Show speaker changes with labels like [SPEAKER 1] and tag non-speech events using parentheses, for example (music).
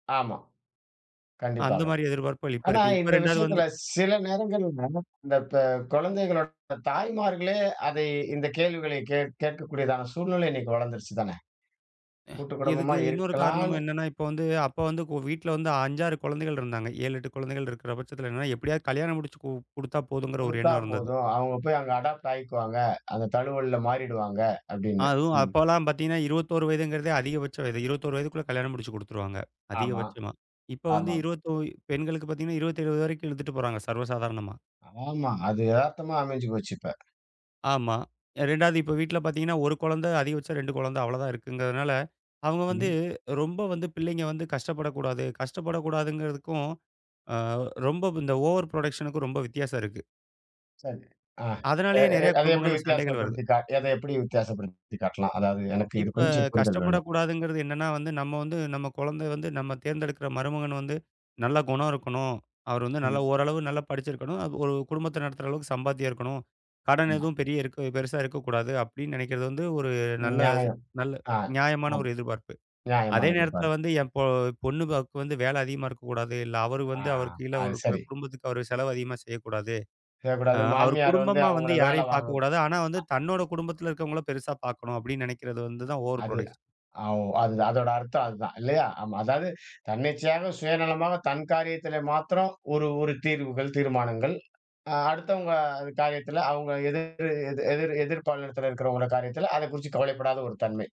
[SPEAKER 1] ஆமா.
[SPEAKER 2] அந்த
[SPEAKER 1] கண்டிப்பாக.
[SPEAKER 2] மாரி எதிர்பார்ப்புகள் இப்ப
[SPEAKER 1] ஆனா,
[SPEAKER 2] இருக்கு. இப்ப
[SPEAKER 1] இந்த
[SPEAKER 2] 2வது வந்து,
[SPEAKER 1] விஷயத்துல சில நேரங்கள்ல நமக் இந்தப்ப கொழந்தைகளோட (unintelligible) தாய்மார்களே அதை இந்தக் கேள்விகளைக் கேட் கேட்கக் கூடியதான சூழ்நிலை இன்னிக்கு வளந்திருச்சுதானே.
[SPEAKER 2] ஆ
[SPEAKER 1] கூட்டுக்குடும்பமா
[SPEAKER 2] இதுக்கு இன்னொரு காரணமும்
[SPEAKER 1] இருக்கலான்னு
[SPEAKER 2] என்னன்னா, இப்ப வந்து அப்ப வந்து வீட்ல வந்து 5, 6 குழந்தைகள் இருந்தாங்க. 7, 8 குழந்தைகள் இருக்கிற பட்சத்துல என்னனா, எப்படியாது கல்யாணம் முடிச்சு கு குடுத்தா போதுங்ற ஒரு
[SPEAKER 1] குடுத்தா
[SPEAKER 2] எண்ணம் இருந்தது.
[SPEAKER 1] போதும். அவங்க போய் அங்க அடாப்ட் ஆயிக்குவாங்க. அந்தத் தழுவல்ல மாறிடுவாங்க அப்படின்னு,
[SPEAKER 2] அதுவும்
[SPEAKER 1] ம்.
[SPEAKER 2] அப்பவலாம் பாத்தீங்கன்னா, 21 வயதுங்கிறதே அதிகபட்ச வயது. 21 வயதுக்குள்ள கல்யாணம் முடிச்சு குடுத்துருவாங்க,
[SPEAKER 1] ஆமா,
[SPEAKER 2] அதிகபட்சமா. இப்ப வந்து
[SPEAKER 1] ஆமாம்.
[SPEAKER 2] 21 பெண்களுக்குப் பாத்தீங்கன்னா, 27 வரைக்கும் இழுத்துட்டு போறாங்க, சர்வ சாதாரணமா.
[SPEAKER 1] ஆமா. அது எதார்த்தமா அமைஞ்சு போச்சு இப்ப.
[SPEAKER 2] ஆமா. 2வது இப்ப வீட்ல பாத்தீங்கன்னா 1 குழந்தை, அதிகபட்சம் 2 குழந்தை அவ்வளவுதான் இருக்குங்கறதுனால, அவங்க வந்து
[SPEAKER 1] ம்.
[SPEAKER 2] ரொம்ப வந்து பிள்ளைங்க வந்து கஷ்டப்படக் கூடாது. கஷ்டப்படக் கூடாதுங்கறதுக்கும், அ ரொம்ப இந்த ஓவர் ப்ரோடக்ஷனுக்கும் ரொம்ப வித்தியாசம் இருக்கு.
[SPEAKER 1] சரி. அ எ
[SPEAKER 2] அதனாலயே
[SPEAKER 1] எ எ
[SPEAKER 2] நெறைய
[SPEAKER 1] அத எப்டி
[SPEAKER 2] குடும்பங்கள்ல சண்டைகள் வருது.
[SPEAKER 1] வித்தியாசப்படுத்தி காட் அதை எப்படி வித்தியாசப்படுத்தி காட்டலாம்? அதாது எனக்கு இது
[SPEAKER 2] இப்ப
[SPEAKER 1] கொஞ்சம் புரிதல் வேண்டும்.
[SPEAKER 2] கஷ்டப்படக் கூடாதுங்கறது என்னன்னா வந்து, நம்ம வந்து நம்ம குழந்த வந்து நம்ம தேர்ந்தெடுக்கிற மருமகன் வந்து, நல்ல குணம் இருக்கணும், அவர் வந்து நல்ல
[SPEAKER 1] ம்.
[SPEAKER 2] ஓரளவு நல்லா படிச்சிருக்கணும், ஒரு குடும்பத்த நடத்துற அளவுக்குச் சம்பாத்தியம் இருக்கணும், கடன்
[SPEAKER 1] ஆமா.
[SPEAKER 2] எதுவும் பெரிய இருக் பெருசா இருக்கக் கூடாது அப்படின்னு நெனைக்கறது வந்து ஒரு நல்ல
[SPEAKER 1] நியாயம்.
[SPEAKER 2] நல்ல
[SPEAKER 1] அ.
[SPEAKER 2] நியாயமான
[SPEAKER 1] ஆமா.
[SPEAKER 2] ஒரு எதிர்பார்ப்பு. அதே
[SPEAKER 1] நியாயமான
[SPEAKER 2] நேரத்துல
[SPEAKER 1] எதிர்பார்ப்பு.
[SPEAKER 2] வந்து என் பொ பொண்ணு (unintelligible) வந்து வேல அதிகமா இருக்கக் கூடாது, இல்ல அவரு
[SPEAKER 1] அ,
[SPEAKER 2] வந்து அவருக்கு கீழ
[SPEAKER 1] அது
[SPEAKER 2] ஒரு குடு
[SPEAKER 1] சரி.
[SPEAKER 2] குடும்பத்துக்கு அவர் செலவு அதிகமா செய்யக் கூடாது.
[SPEAKER 1] கெ
[SPEAKER 2] அ
[SPEAKER 1] கூடாது.
[SPEAKER 2] அவர்
[SPEAKER 1] மாமியார் வந்து
[SPEAKER 2] குடும்பமா வந்து
[SPEAKER 1] அவங்கள வேல
[SPEAKER 2] யாரையும்
[SPEAKER 1] வாங்க
[SPEAKER 2] பாக்கக் கூடாது. ஆனா வந்து
[SPEAKER 1] அ.
[SPEAKER 2] தன்னோட குடும்பத்துல இருக்கவங்கள பெருசா பாக்கணும் அப்படின்னு நெனைக்கறது, வந்து தான் ஓவர்
[SPEAKER 1] அது.
[SPEAKER 2] ப்ரோடக்ஷன்.
[SPEAKER 1] அவ் அது அதோட அர்த்தம் அதான் இல்லையா? ஆமா. அதாது தன்னிச்சையாக, சுயநலமாக, தன் காரியத்தில மாத்ரம் ஒரு ஒரு தீர்வுகள், தீர்மானங்கள். அ அடுத்தவங்க காரியத்துல அவங்க எதிர் எதிர் எதிர் பாலினத்துல இருக்கறவங்கள காரியத்துல அதை குறிச்சு கவலைப்படாத ஒரு தன்மை.